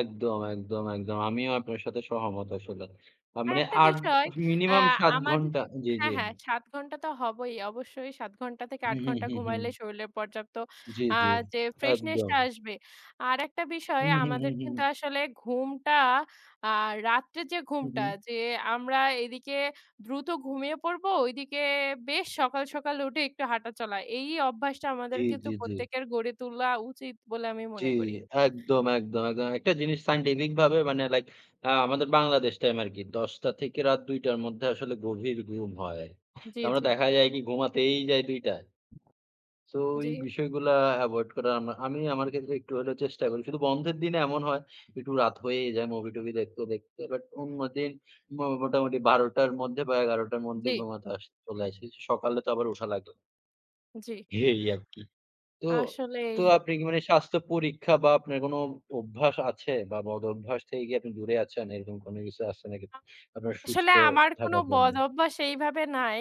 একদম, একদম, একদম। আমিও আপনার সাথে সহমত আসলে। আ মানে আরেকটা ৮ বিষয় অ্যা মিনিমাম ৭ আমাদে ঘণ্টা জি, হ্যাঁ, জি। হ্যাঁ ৭ ঘণ্টা তো হবই অবশ্যই ৭ ঘণ্টা থেকে হু, ৮ হু, ঘণ্টা হু, ঘুমাইলেই হু। শরীলে পর্যাপ্ত জি, আ জি, যে ফ্রেশনেশটা একদম। আসবে। আরেকটা বিষয় হুম, হুম, আমাদের হুম, কিন্তু হুম। আসলে ঘুমটা আর রাত্রে যে হুম, ঘুমটা হুম। যে আমরা এদিকে দ্রুত ঘুমিয়ে পড়বো, ওইদিকে বেশ সকাল, সকাল উঠে একটু হাঁটা চলা। এই অভ্যাসটা আমাদের জি, কিন্তু জি, জি। প্রত্যেকের গড়ে তোলা উচিত বলে আমি জি, মনে করি। একদম, একদম একদ একটা জিনিস scientific ভাবে মানে লাইক আ আমাদের বাংলাদেশ টাইম আর কি ১০ঃ০০ টা থেকে রাত ২ঃ০০ টার মধ্যে আসলে গভীর ঘুম হয়। তার জি, মানে জি। দেখা যায় কি ঘুমাতেই যায় ২ঃ০০ টায়। সো জি। এই বিষয়গুলা এভয়েড করা আমা আমি আমার ক্ষেত্রে একটু হলেও চেষ্টা করি। শুধু বন্ধের দিনে এমন হয় একটু রাত হয়েই যায় মুভি-টুভি দেখতে, দেখতে। বাট অন্যদিন মো মোটামুটি ১২ টার মধ্যে বা ১১ টার মধ্যে জি। ঘুমাতে আস চলে আশি। সকালে তো আবার ওঠা লাগে। জি। এই আরকি। তো, আসলেই। তো আপনি কি মানে স্বাস্থ্য পরীক্ষা বা আপনার কোন অভ্যাস আছে বা বদ অভ্যাস থেকে কি আপনি দূরে আছেন? এরকম কোন কিছু আছে নাকি? আ আপনার আসলে সুস্থ আমার কোনো থাকার জন্য? বদঅভ্যাস এইভাবে নাই।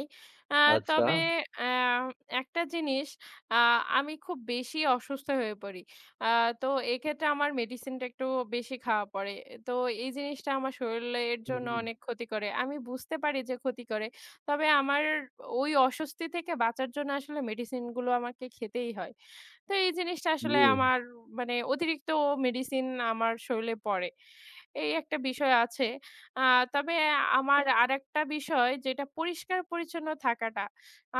আ আচ্ছা। তবে অ্যা একটা জিনিস আ আমি খুব বেশি অসুস্থ হয়ে পড়ি। আ তো এক্ষেত্রে আমার মেডিসিনটা একটু বেশি খাওয়া পড়ে। তো এই জিনিসটা আমার শরীলের জন্য হুম। অনেক ক্ষতি করে। আমি বুঝতে পারি যে ক্ষতি করে তবে আমার ওই অস্বস্তি থেকে বাঁচার জন্য আসলে মেডিসিনগুলো আমাকে খেতেই হয়। তো এই জিনিসটা আসলে জি। আমার মানে অতিরিক্ত মেডিসিন আমার শরীলে পড়ে। এই একটা বিষয় আছে আ তবে আমার আরেকটা বিষয় যেটা পরিষ্কার পরিচ্ছন্ন থাকাটা।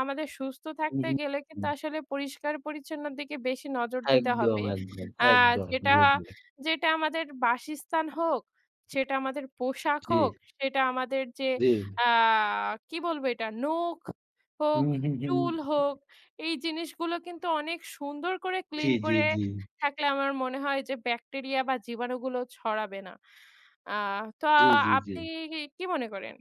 আমাদের সুস্থ থাকতে উহু, গেলে কিন্তু হু। আসলে পরিষ্কার পরিচ্ছন্নর দিকে বেশি নজর দিতে একদম, হবে। একদম, অ্যা একদম যেটা, জি, জি। যেটা আমাদের বাসস্থান হোক, সেটা আমাদের পোশাক জি। হোক, সেটা আমাদের যে জি। আ কি বলবো এটা নখ হোক হুম, হুম, হুম। চুল হোক, এই জিনিসগুলো কিন্তু অনেক সুন্দর করে জি, ক্লিন জি, করে জি। থাকলে আমার মনে হয় যে ব্যাকটেরিয়া বা জীবাণুগুলো ছড়াবে না। আ তো জি, জি, আপনি জি। ই কি মনে করেন?